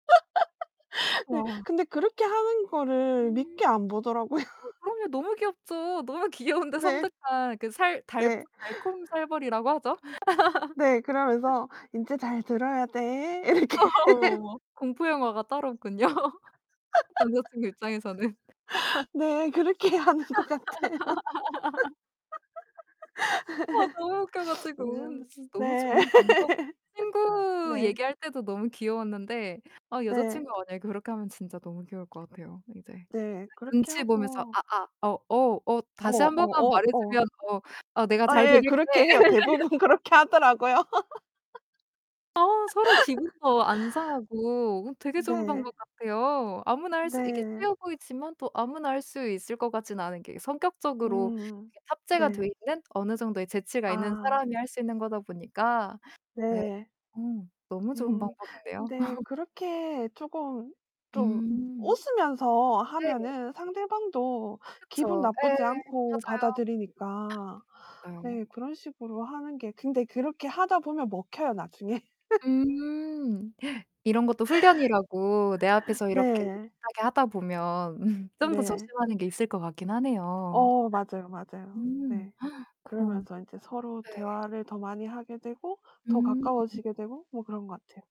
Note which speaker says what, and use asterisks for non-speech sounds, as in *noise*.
Speaker 1: *laughs* 네.
Speaker 2: 와.
Speaker 1: 근데 그렇게 하는 거를
Speaker 2: 음.
Speaker 1: 밉게 안 보더라고요.
Speaker 2: 어 그럼요. 너무 귀엽죠. 너무 귀여운데
Speaker 1: 네.
Speaker 2: 섬뜩한 그 살 달푼
Speaker 1: 네.
Speaker 2: 달콤살벌이라고 하죠.
Speaker 1: *unintelligible*
Speaker 2: *laughs*
Speaker 1: 네. 그러면서 "인제 잘 들어야 돼." 이렇게.
Speaker 2: 아
Speaker 1: *laughs*
Speaker 2: 어머. 공포 영화가 따로 없군요. *laughs* 남자친구 입장에서는. *laughs*
Speaker 1: *laughs* 네. 그렇게 하는 것 같아요.
Speaker 2: *laughs* 어 너무 웃겨
Speaker 1: *laughs*
Speaker 2: 가지고. 너무
Speaker 1: 네.
Speaker 2: 좋은 방법
Speaker 1: *laughs*
Speaker 2: 친구
Speaker 1: 네.
Speaker 2: 얘기할 때도 너무 귀여웠는데 아
Speaker 1: 네.
Speaker 2: 여자친구가 만약에 그렇게 하면 진짜 너무 귀여울 것 같아요, 이제. 막
Speaker 1: 네. 그렇게
Speaker 2: 눈치 보면서
Speaker 1: 하고
Speaker 2: "아아, 어 어 어
Speaker 1: 어.
Speaker 2: 다시
Speaker 1: 어.
Speaker 2: 1 번만
Speaker 1: 어.
Speaker 2: 말해
Speaker 1: 어.
Speaker 2: 주면 어 어 내가
Speaker 1: 아
Speaker 2: 잘
Speaker 1: 예.
Speaker 2: 들을게."
Speaker 1: 그렇게 해요. 대부분 그렇게
Speaker 2: *laughs*
Speaker 1: 하더라고요.
Speaker 2: 아. 서로
Speaker 1: *laughs*
Speaker 2: 기분도 안 상하고 되게 좋은
Speaker 1: 네.
Speaker 2: 방법 같아요. 아무나 할 수 이게
Speaker 1: 네.
Speaker 2: 쉬워 보이지만 또 아무나 할 수 있을 것 같지는 않은 게 성격적으로
Speaker 1: 음.
Speaker 2: 이렇게 탑재가 돼
Speaker 1: 네.
Speaker 2: 있는 어느 정도의 재치가 있는
Speaker 1: 아.
Speaker 2: 사람이 할 수 있는 거다 보니까. 네.
Speaker 1: 네.
Speaker 2: 어 너무 좋은
Speaker 1: 음.
Speaker 2: 방법인데요.
Speaker 1: 근데
Speaker 2: *laughs*
Speaker 1: 그렇게 조금 좀
Speaker 2: 음
Speaker 1: 웃으면서
Speaker 2: 네네.
Speaker 1: 하면은 상대방도 기분
Speaker 2: 그쵸.
Speaker 1: 나쁘지
Speaker 2: 예.
Speaker 1: 않고
Speaker 2: 맞아요.
Speaker 1: 받아들이니까.
Speaker 2: 맞아요.
Speaker 1: 네. 그런 식으로 하는 게 근데 그렇게 하다 보면 먹혀요, 나중에. *giggles*
Speaker 2: 음. *gasps* 이런 것도 훈련이라고 내 앞에서 이렇게 못
Speaker 1: 네.
Speaker 2: 하게 하다 보면 *laughs* 좀 더
Speaker 1: 네.
Speaker 2: 조심하는 게 있을 것 같긴 하네요.
Speaker 1: 어. 맞아요, 맞아요.
Speaker 2: 음
Speaker 1: 네.
Speaker 2: *gasps* 그럼
Speaker 1: 그러면서 인제 서로
Speaker 2: 네.
Speaker 1: 대화를 더 많이 하게 되고, 더
Speaker 2: 음.
Speaker 1: 가까워지게 되고 뭐 그런 거 같아요.